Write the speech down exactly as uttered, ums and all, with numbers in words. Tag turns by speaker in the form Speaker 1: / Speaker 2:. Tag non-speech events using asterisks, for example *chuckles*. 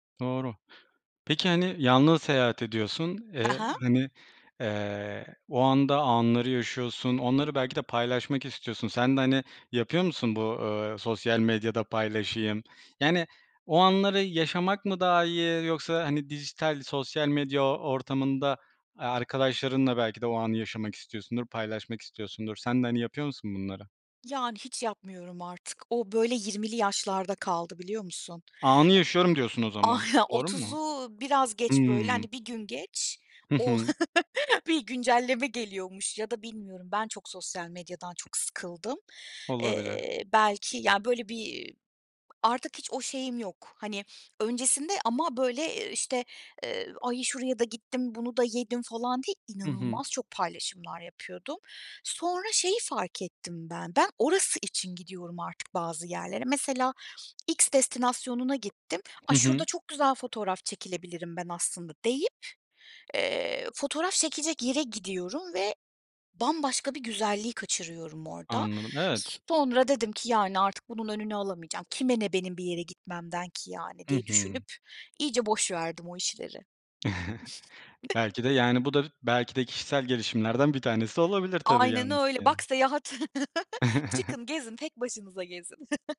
Speaker 1: Doğru. Peki, hani, yalnız seyahat ediyorsun.
Speaker 2: Ha
Speaker 1: Eee,
Speaker 2: ha.
Speaker 1: hani, eee, o anda anları yaşıyorsun. Onları belki de paylaşmak istiyorsun. Sen de, hani, yapıyor musun bu, eee, sosyal medyada paylaşayım? Yani, o anları yaşamak mı daha iyi yoksa, hani, dijital sosyal medya o ortamında, aaa, arkadaşlarınla belki de o anı yaşamak istiyorsundur, paylaşmak istiyorsundur. Sen de, hani, yapıyor musun bunları?
Speaker 2: Yani, hiç yapmıyorum artık. O, böyle, yirmili yaşlarda kaldı biliyor musun?
Speaker 1: Anı yaşıyorum diyorsun o zaman.
Speaker 2: Ah, ya,
Speaker 1: Doğru mu?
Speaker 2: otuzu biraz geç, böyle,
Speaker 1: Hımm.
Speaker 2: hani, bir gün geç
Speaker 1: Hı
Speaker 2: o
Speaker 1: hı.
Speaker 2: *chuckles* bir güncelleme geliyormuş ya da bilmiyorum ben çok sosyal medyadan çok sıkıldım.
Speaker 1: Olabilir.
Speaker 2: Eee, belki, ya, böyle, bir *clicks tongue* artık hiç o şeyim yok. Hani, öncesinde ama, böyle, eee, işte, eee, "Ay, şuraya da gittim, bunu da yedim." falan diye,
Speaker 1: Hı hı.
Speaker 2: inanılmaz çok paylaşımlar yapıyordum. Sonra şeyi fark ettim ben: Ben orası için gidiyorum artık bazı yerlere. Mesela X destinasyonuna gittim, "A,
Speaker 1: Hı hı.
Speaker 2: şurada çok güzel fotoğraf çekilebilirim ben aslında." deyip, eee, fotoğraf çekecek yere gidiyorum ve bambaşka bir güzelliği kaçırıyorum orada.
Speaker 1: Anladım.
Speaker 2: S
Speaker 1: Evet.
Speaker 2: sonra dedim ki, yani, artık bunun önünü alamayacağım, kime ne benim bir yere gitmemden ki, yani,
Speaker 1: Hı
Speaker 2: diye
Speaker 1: hı.
Speaker 2: düşünüp iyice boş verdim o işleri.
Speaker 1: Belki de,
Speaker 2: *chuckles*
Speaker 1: yani, bu da b belki de kişisel gelişimlerden bir tanesi olabilir tabii
Speaker 2: Aynen öyle. Bak,
Speaker 1: yalnızken.
Speaker 2: seyahat *chuckles*
Speaker 1: *chuckles*
Speaker 2: Çıkın gezin, tek başınıza gezin. *chuckles*